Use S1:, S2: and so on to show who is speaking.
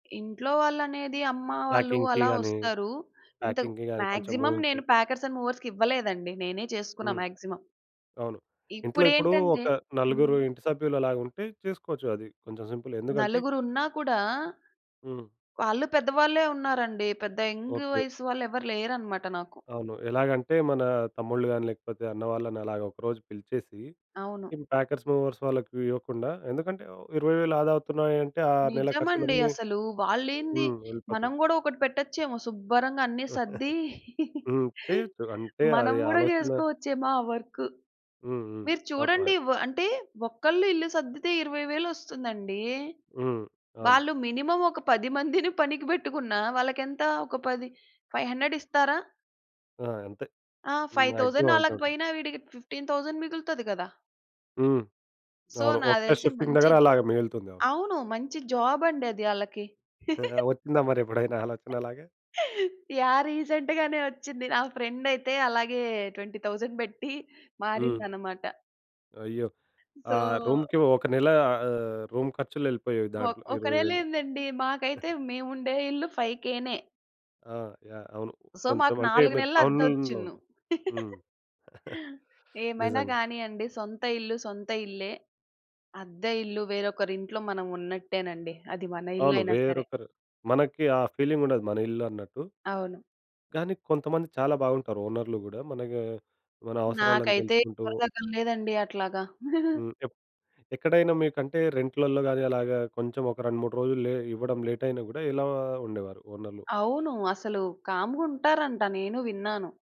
S1: ఇంట్లో వాళ్ళనేది అమ్మా వాళ్ళు
S2: ప్యాకింగ్‌కి
S1: అలా
S2: గానీ,
S1: వస్తారు. ఇంతకు
S2: ప్యాకింగ్‌కి గాని కొంచెం
S1: మాక్సిమం
S2: మూవింగ్‌కి.
S1: నేను ప్యాకర్స్ అండ్ మూవర్స్‌కి ఇవ్వలేదండి. నేనే చేసుకున్న
S2: హ్మ్.
S1: మాక్సిమం.
S2: అవును. ఇంట్లో ఇప్పుడు
S1: ఇప్పుడేంటంటే
S2: ఒక నలుగురు
S1: హ్మ్.
S2: ఇంటి సభ్యులలాగా ఉంటే చేసుకోవచ్చు అది. కొంచెం సింపులే. ఎందుకంటే
S1: నలుగురున్నా కూడా
S2: హ్మ్.
S1: వాళ్ళు పెద్దవాళ్ళే ఉన్నారండి. పెద్ద యంగు
S2: ఓకే.
S1: వయసు వాళ్ళెవరు లేరనమాట నాకు.
S2: అవును. ఎలాగంటే మన తమ్ముళ్ళు గాని లేకపోతే అన్నవాళ్ళని అలాగా ఒకరోజు పిలిచేసి,
S1: అవును.
S2: ఈ ప్యాకెర్స్, మూవర్స్ వాళ్ళకి ఇవ్వకుండా ఎందుకంటే 20,000 ఆదా అవుతున్నాయంటే ఆ నెల
S1: నిజమండి
S2: ఖర్చులన్నీ
S1: అసలు. వాళ్ళేంది?
S2: హ్మ్, వెళ్ళిపోతాయి.
S1: మనం గూడా ఒకటి పెట్టచ్చేమో, సుబ్బరంగా అన్ని సర్దీ.
S2: హ్మ్. చేయొచ్చు. అంటే
S1: మనం
S2: అది
S1: గూడా
S2: ఆలోచన
S1: చేసుకోవచ్చేమో ఆ వర్కు.
S2: హ్మ్, హ్మ్.
S1: మీరు
S2: [unintelligible]
S1: చూడండి వ అంటే ఒక్కళ్ళు ఇల్లు సర్దితే ఇరవై వేలొస్తుందండి.
S2: హ్మ్. అవును.
S1: వాళ్ళు మినిమమ్ ఒక 10 మందిని పనికి పెట్టుకున్నా వాళ్ళకెంత ఒక 10, 500 ఇస్తారా?
S2: ఆ! అంతే
S1: ఆ! ఫైవ్
S2: మాక్సిమం
S1: థౌసండ్
S2: అంతే
S1: అలాగ
S2: ఉంటుంది.
S1: పోయినా, వీడికి 15,000 మిగులుతది కదా!
S2: హ్మ్.
S1: సో,
S2: అవును.
S1: నాకు
S2: ఒక
S1: తెలిసి
S2: షిఫ్టింగ్ దగ్గర
S1: మంచిద్
S2: అలా మిగులుతుంది. అవును.
S1: అవును. మంచి జాబండి అది ఆళ్ళకి.
S2: ఆహా! వచ్చిందా మరెప్పుడైనా ఆలోచన అలాగా?
S1: యాహ్! రీసెంట్ గానే వచ్చింది. నా ఫ్రెండయితే అలాగే 20,000 పెట్టి
S2: హ్మ్.
S1: మారిందనమాట.
S2: అయ్యో!
S1: సో
S2: ఆహ్, రూమ్‌కి ఒక నెల ఆహ్, రూము ఖర్చులెళ్ళిపోయేవి
S1: ఒక్
S2: దాంట్లో
S1: ఒక
S2: ఇరవై
S1: నెలే
S2: వేలు.
S1: ఏందండి? మాకైతే మేవుండే ఇల్లు 5000నే.
S2: ఆ! యాహ్! అవును.
S1: సో, మాకు
S2: కొంచెమంటే
S1: 4
S2: మీరు
S1: నెలలు
S2: టౌనునులో
S1: అద్దొచ్చున్ను.
S2: వుంటా హ్మ్.
S1: ఏమైనా
S2: నిజంగా.
S1: గానీయండి, సొంత ఇల్లు సొంత ఇల్లే. అద్దె ఇల్లు వేరొకరింట్లో మనం ఉన్నట్టేనండి. అది మన
S2: అవును.
S1: ఇల్లయినా సరే.
S2: వేరొకరు మనకి ఆ ఫీలింగుండదు మన ఇల్లు అన్నట్టు.
S1: అవును.
S2: కానీ కొంతమంది చాలా బావుంటారు, ఓనర్‌లు గూడా. మనకీ మన అవసరాలన్నీ
S1: నాకైతే
S2: తెలుసుకుంటూ
S1: ఎవ్వరు తగలలేదండి అట్లాగా.
S2: హ్మ్. ఎప్ ఎక్కడైనా మీకంటే రెంట్‌లల్లో గాని అలాగా కొంచెం ఒక 2, 3 రోజులు లే ఇవ్వడం లేటయినా గూడా ఎలా ఉండేవారు ఓనర్‌లు?
S1: అవును. అసలు కామ్‌గుంటారంట. నేనూ విన్నాను.